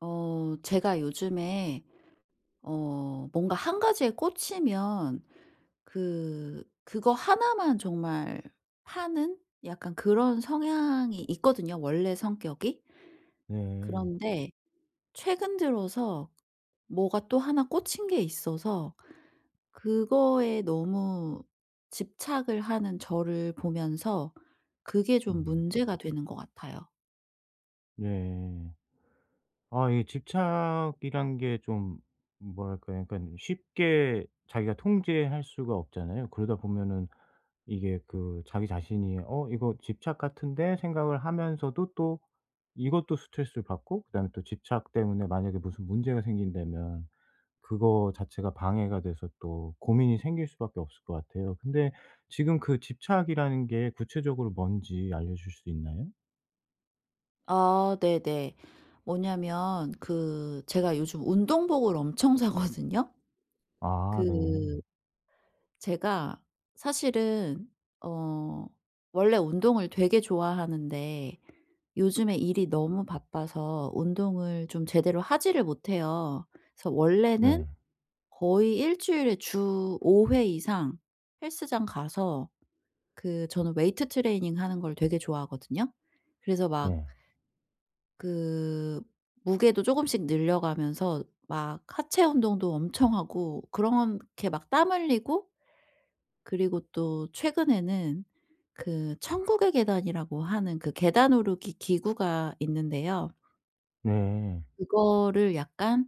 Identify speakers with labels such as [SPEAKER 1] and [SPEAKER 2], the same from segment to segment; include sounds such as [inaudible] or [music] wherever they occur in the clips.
[SPEAKER 1] 어 제가 요즘에 어 뭔가 1 가지에 꽂히면 그 그거 하나만 정말 파는 약간 그런 성향이 있거든요 원래 성격이.
[SPEAKER 2] 네.
[SPEAKER 1] 그런데 최근 들어서 뭐가 또 1 꽂힌 게 있어서 그거에 너무 집착을 하는 저를 보면서 그게 좀
[SPEAKER 2] 음.
[SPEAKER 1] 문제가 되는 것 같아요.
[SPEAKER 2] 네. 아 이 집착이란 게 좀 뭐랄까요. 그러니깐 쉽게 자기가 통제할 수가 없잖아요. 그러다 보면은 이게 그 자기 자신이 '어 이거 집착 같은데?' 생각을 하면서도 또 이것도 스트레스를 받고 그다음에 또 집착 때문에 만약에 무슨 문제가 생긴다면 그거 자체가 방해가 돼서 또 고민이 생길 수밖에 없을 것 같아요. 근데 지금 그 집착이라는 게 구체적으로 뭔지 알려주실 수 있나요?
[SPEAKER 1] 아 네네. 뭐냐하면 그 제가 요즘 운동복을 엄청 사거든요.
[SPEAKER 2] 아 네.
[SPEAKER 1] 그 제가 사실은 어 원래 운동을 되게 좋아하는데 요즘에 일이 너무 바빠서 운동을 좀 제대로 하지를 못해요. 그래서 원래는
[SPEAKER 2] 네.
[SPEAKER 1] 거의 1 주일에 주 5 회 이상 헬스장 가서 그 저는 웨이트 트레이닝 하는 걸 되게 좋아하거든요. 그래서 막
[SPEAKER 2] 네.
[SPEAKER 1] 그 무게도 쪼금씩 늘려가면서 막 하체 운동도 엄청 하고 그렇게 막 땀 흘리고 그리고 또 최근에는 그 천국의 계단이라고 하는 그 계단 오르기 기구가 있는데요.
[SPEAKER 2] 네.
[SPEAKER 1] 그거를 약간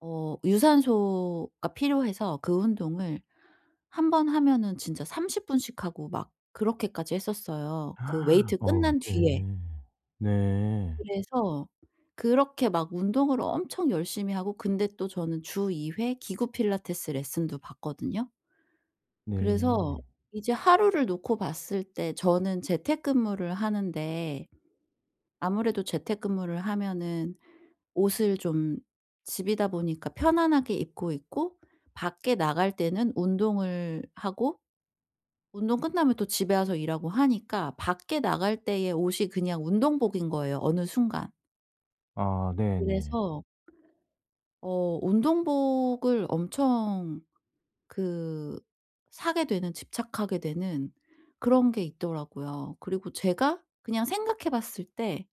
[SPEAKER 1] 어 유산소가 필요해서 그 운동을 한 번 하면은 진짜 30 분씩 하고 막 그렇게까지 했었어요 그
[SPEAKER 2] [gasps]
[SPEAKER 1] 웨이트
[SPEAKER 2] 어
[SPEAKER 1] 끝난
[SPEAKER 2] 네.
[SPEAKER 1] 뒤에.
[SPEAKER 2] 네.
[SPEAKER 1] 그래서 그렇게 막 운동을 엄청 열심히 하고 근데 또 저는 주 2 회 기구 필라테스 레슨도 받거든요. 그래서
[SPEAKER 2] 네.
[SPEAKER 1] 이제 하루를 놓고 봤을 때 저는 재택근무를 하는데 아무래도 재택근무를 하면은 옷을 좀 집이다 보니까 편안하게 입고 있고 밖에 나갈 때는 운동을 하고 운동 끝나면 또 집에 와서 일하고 하니까 밖에 나갈 때의 옷이 그냥 운동복인 거에요 어느 순간.
[SPEAKER 2] 아 네네.
[SPEAKER 1] 그래서 어 운동복을 엄청 그 사게 되는 집착하게 되는 그런 게 있더라고요. 그리고 제가 그냥 생각해 봤을 때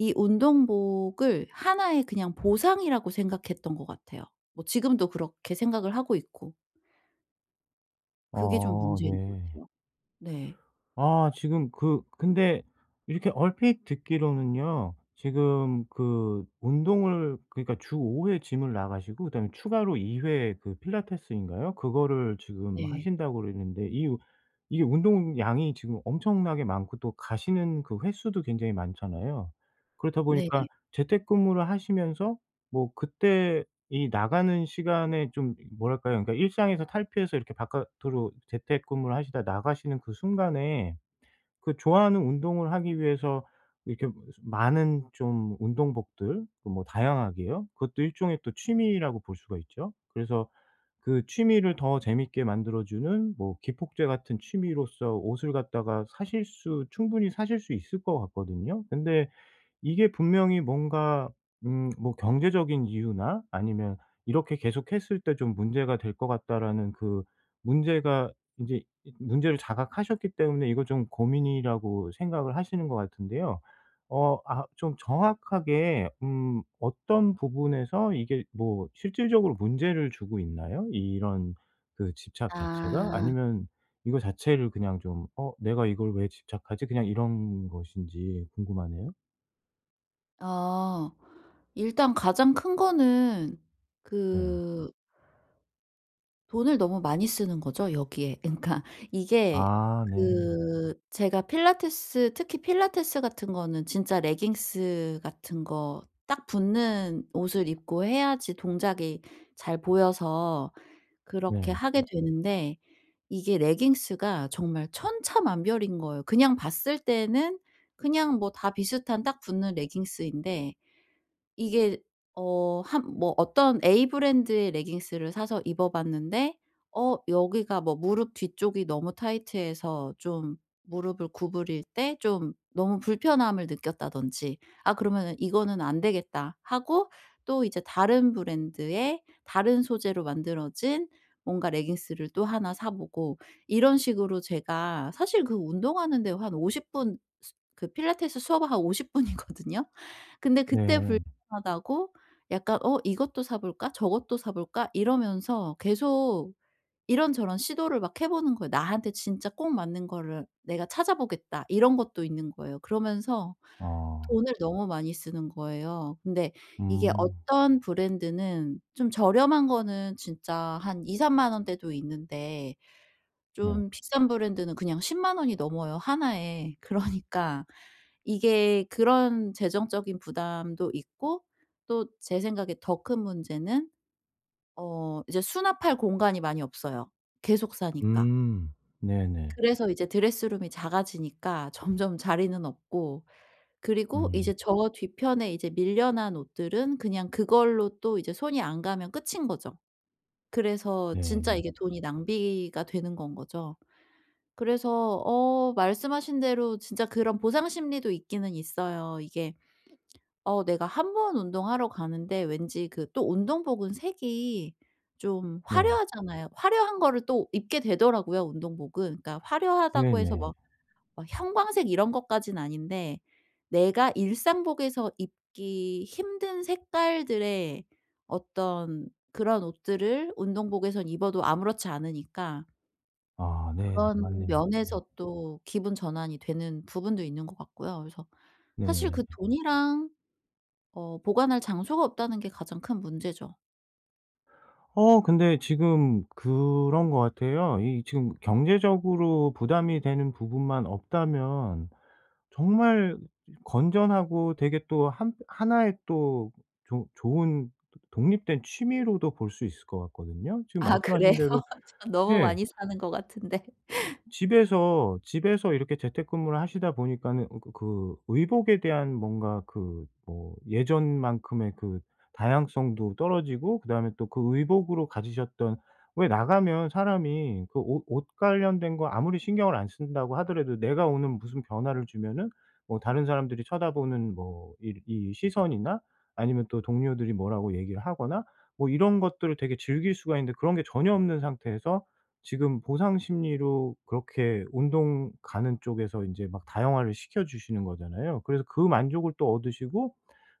[SPEAKER 1] 이 운동복을 하나의 그냥 보상이라고 생각했던 것 같아요 뭐 지금도 그렇게 생각을 하고 있고. 그게 좀
[SPEAKER 2] 아
[SPEAKER 1] 문제인 것
[SPEAKER 2] 네.
[SPEAKER 1] 같아요. 네.
[SPEAKER 2] 아 지금 그 근데 이렇게 얼핏 듣기로는요. 지금 그 운동을 그러니까 주 5 회 GYM을 나가시고 그다음에 추가로 2 회 그 필라테스인가요? 그거를 지금
[SPEAKER 1] 네.
[SPEAKER 2] 하신다 그랬는데 이 우 이게 운동량이 지금 엄청나게 많고 또 가시는 그 횟수도 굉장히 많잖아요. 그렇다
[SPEAKER 1] 네.
[SPEAKER 2] 보니까 재택근무를 하시면서 뭐 그때 이 나가는 시간에 좀 이 뭐랄까요. 그러니까 일상에서 탈피해서 이렇게 바깥으로 재택근무를 하시다가 나가시는 그 순간에 그 좋아하는 운동을 하기 위해서 이렇게 무슨 많은 좀 운동복들 그 뭐 다양하게요. 그것도 일종의 또 취미라고 볼 수가 있죠? 그래서 그 취미를 더 재미있게 만들어 주는 뭐 기폭제 같은 취미로써 옷을 갖다가 사실 수 충분히 사실 수 있을 것 같거든요. 근데 이게 분명히 뭔가 음 뭐 경제적인 이유나 아니면 '이렇게 계속했을 때 좀 문제가 될 것 같다.'라는 그 문제가 인제 이 문제를 자각하셨기 때문에 이거 좀 고민이라고 생각을 하시는 것 같은데요. 어 아 좀 정확하게 음 어떤 부분에서 이게 뭐 실질적으로 문제를 주고 있나요? 이런 그 집착 자체가?
[SPEAKER 1] 아.
[SPEAKER 2] 아니면 이거 자체를 그냥 좀 '어 내가 이걸 왜 집착하지?' 그냥 이런 것인지 궁금하네요.
[SPEAKER 1] 아 일단 가장 큰거는
[SPEAKER 2] 네.
[SPEAKER 1] 그 돈을 너무 많이 쓰는 거죠 여기에. 그러니까 이게
[SPEAKER 2] 아 네.
[SPEAKER 1] 그 제가 필라테스 특히 필라테스 같은 거는 진짜 레깅스 같은 거 딱 붙는 옷을 입고 해야지 동작이 잘 보여서 그렇게
[SPEAKER 2] 네.
[SPEAKER 1] 하게 되는데 이게 레깅스가 정말 천차만별인 거예요. 그냥 봤을 때는 그냥 뭐 다 비슷한 딱 붙는 레깅스인데 이게 어 한 뭐 어떤 A 브랜드의 레깅스를 사서 입어봤는데 어 여기가 뭐 무릎 뒤쪽이 너무 타이트해서 좀 무릎을 구부릴 때 좀 '너무 불편함을 느꼈다.'든지 아 그러면은 '이거는 안되겠다.' 하고 또 이제 다른 브랜드의 다른 소재로 만들어진 뭔가 레깅스를 또 1 사 보고 이런 식으로 제가 사실 그 운동하는데 한 50 분 스 그 필라테스 수업 한 50 분이거든요. 근데 그때
[SPEAKER 2] 네.
[SPEAKER 1] 불편하다고 약간 '어 이것도 사 볼까? 저것도 사 볼까?' 이러면서 계속 이런저런 시도를 막 해 보는 거예요. '나한테 진짜 꼭 맞는 거를 내가 찾아보겠다.' 이런 것도 있는 거예요. 그러면서
[SPEAKER 2] 아.
[SPEAKER 1] 돈을 너무 많이 쓰는 거예요. 근데 이게
[SPEAKER 2] 음.
[SPEAKER 1] 어떤 브랜드는 좀 저렴한 거는 진짜 한 2-3 만 원대도 있는데
[SPEAKER 2] 네.
[SPEAKER 1] 좀 비싼 브랜드는 그냥 100,000 원이 넘어요 1 에. 그러니까 이게 그런 재정적인 부담도 있고 또 제 생각에 더 큰 문제는 어 이제 수납할 공간이 많이 없어요 계속 사니까.
[SPEAKER 2] 음. 네네.
[SPEAKER 1] 그래서 이제 드레스룸이 작아지니까 점점 자리는 없고 그리고
[SPEAKER 2] 음.
[SPEAKER 1] 이제 저 뒤편에 이제 밀려난 옷들은 그냥 그걸로 또 이제 손이 안 가면 끝인 거죠. 그래서 진짜
[SPEAKER 2] 네.
[SPEAKER 1] 이게 돈이 낭비가 되는 건 거죠. 그래서 어 말씀하신 대로 진짜 그런 보상심리도 있기는 있어요. 이게 어 내가 1 번 운동하러 가는데 왠지 그 또 운동복은 색이 좀
[SPEAKER 2] 네.
[SPEAKER 1] 화려하잖아요. 화려한 거를 또 입게 되더라고요 운동복은. 그러니까 화려하다고 해서
[SPEAKER 2] 네네.
[SPEAKER 1] 막, 막 형광색 이런 것까진 아닌데 내가 일상복에서 입기 힘든 색깔들의 어떤 그런 옷들을 운동복에선 입어도 아무렇지 않으니까
[SPEAKER 2] 아 네네
[SPEAKER 1] 그런
[SPEAKER 2] 맞네요. 네.
[SPEAKER 1] 면에서 또 기분 전환이 되는 부분도 있는 것 같고요. 그래서 사실 그
[SPEAKER 2] 네.
[SPEAKER 1] '돈이랑 어 보관할 장소가 없다.'는 게 가장 큰 문제죠.
[SPEAKER 2] 어 근데 지금 그런 것 같아요. 이 지금 경제적으로 부담이 되는 부분만 없다면 정말 건전하고 되게 또 한 1 의 또 조 좋은 도 독립된 취미로도 볼 수 있을 것 같거든요. 지금
[SPEAKER 1] 아
[SPEAKER 2] 말씀하신
[SPEAKER 1] 그래요?
[SPEAKER 2] 대로
[SPEAKER 1] [laughs] 전 너무
[SPEAKER 2] 예.
[SPEAKER 1] 많이 사는 것 같은데. [laughs]
[SPEAKER 2] 집에서 집에서 이렇게 재택근무를 하시다 보니까는 그 그 그 의복에 대한 뭔가 그 뭐 예전 만큼의 그 다양성도 떨어지고 그 다음에 또 그 의복으로 가지셨던 왜 나가면 사람이 그 옷 옷 관련된 거 아무리 신경을 안 쓴다고 하더라도 내가 오늘 무슨 변화를 주면은 뭐 다른 사람들이 쳐다보는 뭐 이 이 시선이나 아니면 또 동료들이 뭐라고 얘기를 하거나 뭐 이런 것들을 되게 즐길 수가 있는데 그런 게 전혀 없는 상태에서 지금 보상 심리로 그렇게 운동 가는 쪽에서 이제 막 다양화를 시켜 주시는 거잖아요. 그래서 그 만족을 또 얻으시고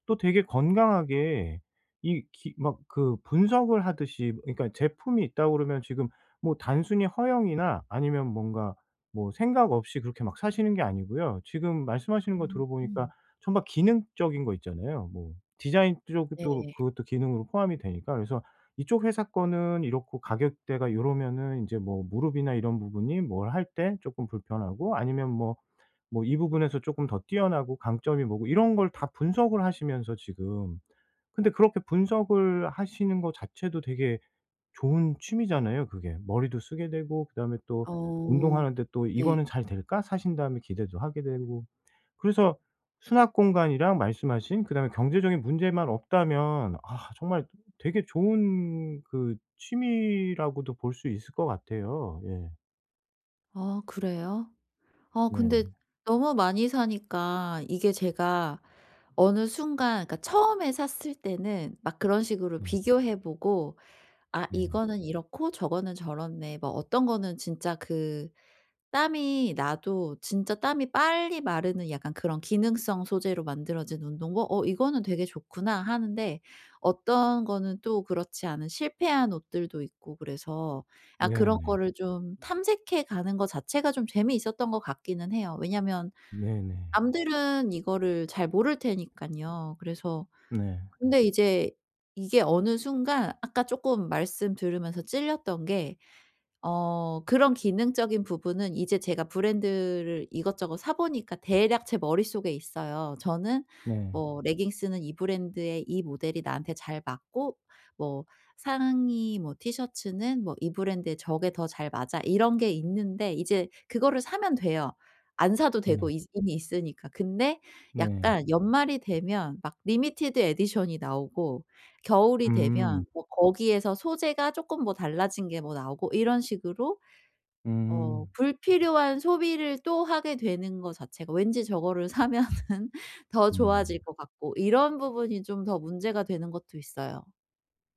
[SPEAKER 2] 또 되게 건강하게 이 기 막 그 분석을 하듯이 그러니까 제품이 있다고 그러면 지금 뭐 단순히 허영이나 아니면 뭔가 뭐 생각 없이 그렇게 막 사시는 게 아니고요 지금 말씀하시는 거 들어보니까
[SPEAKER 1] 음.
[SPEAKER 2] 정말 기능적인 거 있잖아요. 뭐 디자인 쪽도
[SPEAKER 1] 네.
[SPEAKER 2] 그것도 기능으로 포함이 되니까 그래서 이쪽 회사 거는 이렇고 가격대가 요러면은 이제 뭐 무릎이나 이런 부분이 뭘 할 때 쪼끔 불편하고 아니면 뭐 뭐 이 부분에서 쪼금 더 뛰어나고 강점이 뭐고 이런 걸 다 분석을 하시면서 지금 근데 그렇게 분석을 하시는 거 자체도 되게 좋은 취미잖아요, 그게. 머리도 쓰게 되고 그다음에 또
[SPEAKER 1] 어
[SPEAKER 2] 운동하는데 또
[SPEAKER 1] 네.
[SPEAKER 2] '이거는 잘될까?' 사신 다음에 기대도 하게 되고. 그래서 수납 공간이랑 말씀하신 그다음에 경제적인 문제만 없다면 아 정말 되게 좋은 그 취미라고도 볼 수 있을 것 같아요. 예.
[SPEAKER 1] 아 그래요? 아 근데
[SPEAKER 2] 네.
[SPEAKER 1] 너무 많이 사니까 이게 제가 어느 순간 그러니까 처음에 샀을 때는 막 그런 식으로
[SPEAKER 2] 네.
[SPEAKER 1] 비교해 보고 '아
[SPEAKER 2] 네.
[SPEAKER 1] 이거는 이렇고 저거는 저렇네.' 뭐 어떤 거는 진짜 그 땀이 나도 진짜 땀이 빨리 마르는 약간 그런 기능성 소재로 만들어진 운동복 '어 이거는 되게 좋구나.' 하는데 어떤 거는 또 그렇지 않은 실패한 옷들도 있고 그래서 아 그런
[SPEAKER 2] 네네.
[SPEAKER 1] 거를 좀 탐색해 가는 거 자체가 좀 재미있었던 것 같기는 해요. 왜냐하면
[SPEAKER 2] 네네.
[SPEAKER 1] 남들은 이거를 잘 모를 테니깐요. 그래서
[SPEAKER 2] 네.
[SPEAKER 1] 근데 이제 이게 어느 순간 아까 쪼끔 말씀 들으면서 찔렸던 게 어 그런 기능적인 부분은 이제 제가 브랜드를 이것저것 사 보니까 대략 제 머릿속에 있어요. 저는
[SPEAKER 2] 네.
[SPEAKER 1] 뭐 '레깅스는 이 브랜드의 이 모델이 나한테 잘 맞고 뭐 상의 뭐 티셔츠는 뭐 이 브랜드의 저게 더 잘 맞아.' 이런 게 있는데 이제 그거를 사면 돼요. 안 사도 되고
[SPEAKER 2] 네.
[SPEAKER 1] 이제 이미 있으니까. 근데
[SPEAKER 2] 네.
[SPEAKER 1] 약간 연말이 되면 막 리미티드 에디션이 나오고 겨울이 되면
[SPEAKER 2] 음.
[SPEAKER 1] 뭐 거기에서 소재가 쪼끔 뭐 달라진 게 뭐 나오고 이런 식으로 어
[SPEAKER 2] 음.
[SPEAKER 1] 불필요한 소비를 또 하게 되는 거 자체가 왠지 저거를 사면은 더
[SPEAKER 2] 음.
[SPEAKER 1] 좋아질 것 같고 이런 부분이 좀 더 문제가 되는 것도 있어요.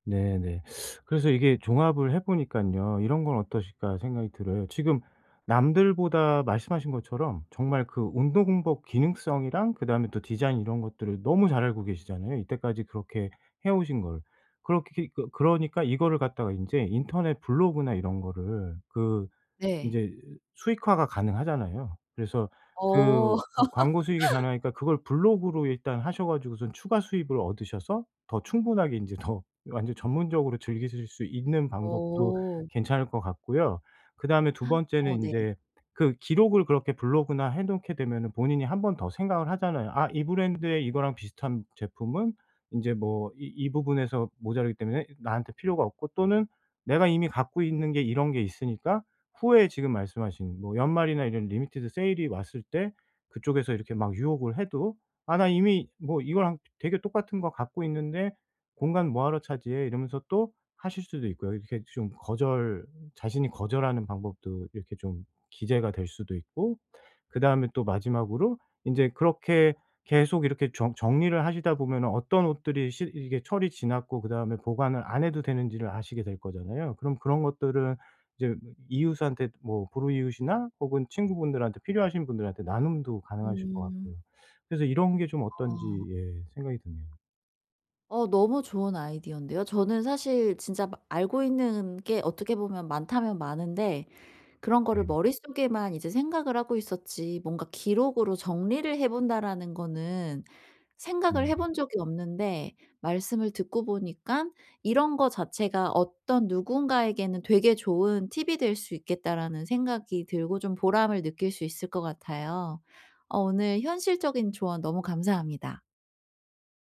[SPEAKER 2] 네네. [sucks teeth] 그래서 이게 종합을 해 보니깐요 '이런 건 어떠실까.' 생각이 들어요. 지금 남들보다 말씀하신 것처럼 정말 그 운동복 기능성이랑 그다음에 또 디자인 이런 것들을 너무 잘 알고 계시잖아요 이때까지 그렇게 해 오신 걸. 그렇게 그 그러니까 이거를 갖다가 인제 인터넷 블로그나 이런 거를 그
[SPEAKER 1] 네.
[SPEAKER 2] 이제 수익화가 가능하잖아요. 그래서
[SPEAKER 1] 어.
[SPEAKER 2] 그 광 광고 수익이
[SPEAKER 1] [laughs]
[SPEAKER 2] 가능하니까 그걸 블로그로 일단 하셔 가지고선 추가 수입을 얻으셔서 더 충분하게 인제 더 완전 전문적으로 즐기실 수 있는 방법도
[SPEAKER 1] 오.
[SPEAKER 2] 괜찮을 것 같고요. 그다음에 2 번째는
[SPEAKER 1] 어 네.
[SPEAKER 2] 인제 그 기록을 그렇게 블로그나 해 놓게 되면은 본인이 1 번 더 생각을 하잖아요. 아 이 브랜드의 이거랑 비슷한 제품은 인제 뭐 이 이 부분에서 모자라기 때문에 나한테 필요가 없고 또는 내가 이미 갖고 있는 게 이런 게 있으니까 후에 지금 말씀하신 뭐 연말이나 이런 리미티드 세일이 왔을 때 그쪽에서 이렇게 막 유혹을 해도 '아 나 이미 뭐 이거랑 되 되게 똑같은 거 갖고 있는데 공간 뭐 하러 차지해.' 이러면서 또 하실 수도 있고요. 이렇게 좀 거절 자신이 거절하는 방법도 이게 이렇게 좀 기재가 될 수도 있고 그다음에 또 마지막으로 인제 그렇게 계속 이렇게 정 정리를 하시다 보면은 어떤 옷들이 실 이게 철이 지났고 그다음에 보관을 안 해도 되는지를 아시게 될 거잖아요. 그럼 그런 것들을 이제 이 이웃한테 뭐 불우이웃이나 혹은 친구분들한테 필요하신 분들한테 나눔도 가능하실 것 같고요.
[SPEAKER 1] 음.
[SPEAKER 2] 그래서 이런 게 좀 어떤지
[SPEAKER 1] 어.
[SPEAKER 2] 예 생각이 드네요.
[SPEAKER 1] 어 너무 좋은 아이디어인데요. 저는 사실 진짜 마 알고 있는 게 어떻게 보면 많다면 많은데 그런 거를
[SPEAKER 2] 네.
[SPEAKER 1] 머릿속에만 이제 생각을 하고 있었지 뭔가 '기록으로 정리를 해 본다.'라는 거는 생각을 해
[SPEAKER 2] 네네.
[SPEAKER 1] 본 적이 없는데 말씀을 듣고 보니깐 '이런 거 자체가 어떤 누군가에게는 되게 좋은 팁이 될 수 있겠다.'라는 생각이 들고 좀 보람을 느낄 수 있을 것 같아요. 어 오늘 현실적인 조언 너무 감사합니다.